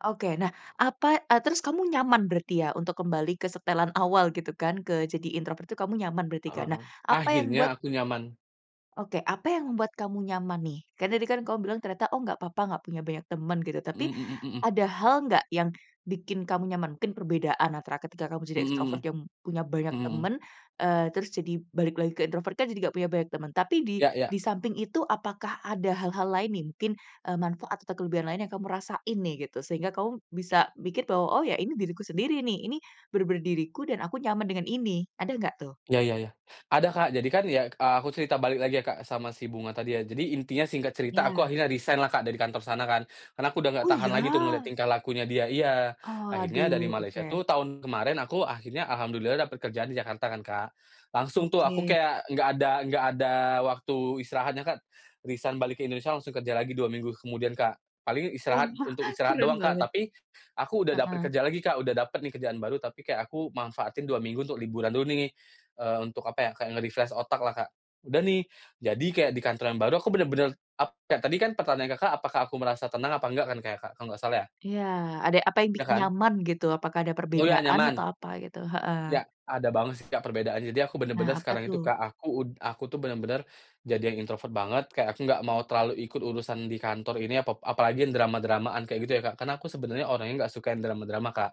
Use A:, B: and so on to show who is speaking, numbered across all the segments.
A: Oke, nah apa eee, terus kamu nyaman berarti ya untuk kembali ke setelan awal gitu kan, ke jadi introvert itu kamu nyaman berarti
B: Heeh
A: kan? Nah
B: heeh,
A: apa yang
B: akhirnya
A: membuat
B: aku nyaman.
A: Oke, apa yang membuat kamu nyaman nih? Kan tadi kan kamu bilang ternyata oh nggak apa-apa nggak punya banyak temen gitu tapi,
B: Mhm mhm mhm.
A: ada hal nggak yang bikin kamu nyaman? Mungkin perbedaan antara ketika kamu jadi
B: Mhm
A: extrovert
B: mhm.
A: yang punya banyak
B: Mhm mhm.
A: temen, eee, terus jadi balik lagi ke introvert kan jadi nggak punya banyak temen tapi di
B: Ya ya.
A: di samping itu apakah ada hal-hal lain nih mungkin, eee, manfaat atau kelebihan lain yang kamu rasain nih gitu, sehingga kamu bisa mikir bahwa oh ya ini diriku sendiri nih ini, bener-bener diriku dan aku nyaman dengan ini, ada nggak tuh?
B: Iya iya iya. Ada Kak jadi kan ya, eee, aku cerita balik lagi ya Kak sama si Bunga tadi ya jadi intinya singkat cerita aku
A: Ya.
B: akhirnya resign lah Kak dari kantor sana kan, karena aku udah
A: Oh
B: nggak tahan lagi tuh ngeliat
A: ya?
B: tingkah lakunya dia iya akhirnya dari
A: Aduh
B: Malaysia itu
A: oke.
B: tahun kemarin aku akhirnya alhamdulillah dapat kerjaan di Jakarta kan, Kak. Langsung tuh aku
A: Oke.
B: kayak enggak ada enggak ada waktu istirahatnya Kak. Resign balik ke Indonesia langsung kerja lagi 2 minggu kemudian Kak, paling
A: Wah!
B: istirahat untuk istirahat doang
A: Keren
B: Kak
A: banget.
B: tapi, aku udah dapet
A: Heeh.
B: kerja lagi Kak udah dapet nih kerjaan baru tapi kayak aku manfaatin 2 minggu untuk liburan dulu nih, eee, untuk apa ya, kayak nge-refresh otak lah Kak. Udah nih, jadi kayak di kantor yang baru aku bener-bener ap kayak tadi kan pertanyaan Kakak apakah aku merasa tenang apa enggak kan kayak kak kalau nggak salah ya.
A: Iya ada apa yang
B: Iya
A: bikin
B: kan.
A: nyaman gitu apakah ada
B: Oh iya
A: perbedaan
B: nyaman.
A: atau apa gitu heeh.
B: Ya, ada banget sih Kak perbedaannya jadi aku
A: Nah
B: bener-bener
A: apa
B: sekarang itu
A: tuh?
B: Kak aku ud aku tuh bener-bener, jadi yang introvert banget kayak aku nggak mau terlalu ikut urusan di kantor ini apa apalagi drama-dramaan kayak gitu ya Kak karena aku sebenarnya orangnya nggak suka drama-drama Kak.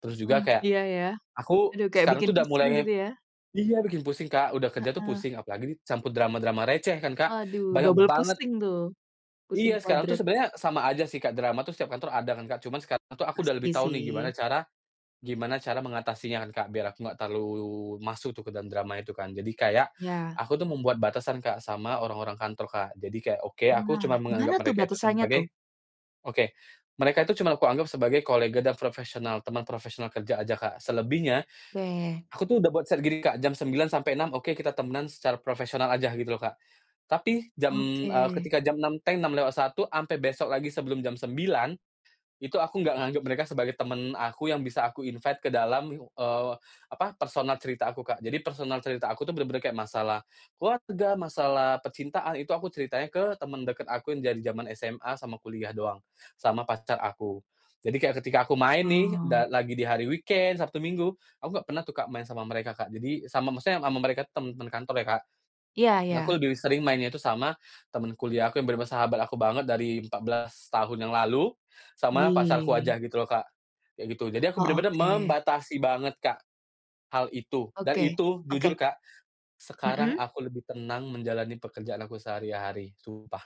B: Terus juga
A: Mmm,
B: kayak,
A: iya iya,
B: aku
A: aduh kayak
B: sekarang
A: bikin
B: tuh udah mulai
A: pusing gitu ya?
B: iya bikin pusing Kak udah kerja tuh
A: Heeh.
B: pusing apalagi dicampur drama-drama receh kan Kak.
A: Aduh
B: Banyak
A: double
B: banget.
A: pusing tuh. Pusing
B: Iya sekarang tuh
A: kuadrat.
B: sebenernya sama aja sih Kak drama tuh setiap kantor ada kan Kak, cuman sekarang aku udah
A: Pasti
B: lebih tahu nih gimana
A: sih.
B: cara gimana cara mengatasinya kan Kak biar aku nggak terlalu masuk tuh ke dalam drama itu kan jadi kayak,
A: Iya.
B: aku tuh membuat batasan Kak sama orang-orang kantor Kak jadi kayak oke aku
A: Nah
B: cuma
A: gimana
B: menganggap
A: tuh
B: mereka itu
A: batasannya tuh?
B: sebagai oke, mereka itu cuma aku anggap sebagai kolega dan profesional teman profesional kerja aja Kak selebihnya,
A: Oke.
B: aku tuh udah buat ser gini Kak, jam 9.00 sampai 6.00 oke kita temenan secara profesional aja gitu loh Kak. Tapi jam, eee,
A: Oke.
B: ketika jam 6.00 teng lewat 6.01 sampai besok lagi sebelum jam 9.00, itu aku nggak nganggap mereka sebagai temen aku yang bisa aku invite ke dalam, eee, apa, personal cerita aku Kak jadi personal cerita aku tuh bener-bener kayak masalah, keluarga, masalah percintaan itu aku ceritanya ke temen deket aku yang dari zaman SMA sama kuliah doang, sama pacar aku. Jadi kayak ketika aku main nih
A: Oh.
B: da lagi di hari weekend, Sabtu Minggu, aku nggak pernah tuh Kak main sama mereka Kak jadi sama maksudnya sama mereka temen-temen kantor ya Kak.
A: Iya iya.
B: Aku lebih sering mainnya itu sama, temen kuliah aku yang bener-bener sahabat aku banget dari 14 tahun yang lalu, sama pacarku
A: Wih.
B: aja gitu loh Kak. Kayak gitu jadi aku
A: Oh
B: bener-bener
A: oke.
B: membatasi banget Kak, hal itu. Dan
A: Oke,
B: itu jujur
A: oke.
B: Kak, sekarang
A: Mhm.
B: aku lebih tenang menjalani pekerjaan aku sehari-hari sumpah.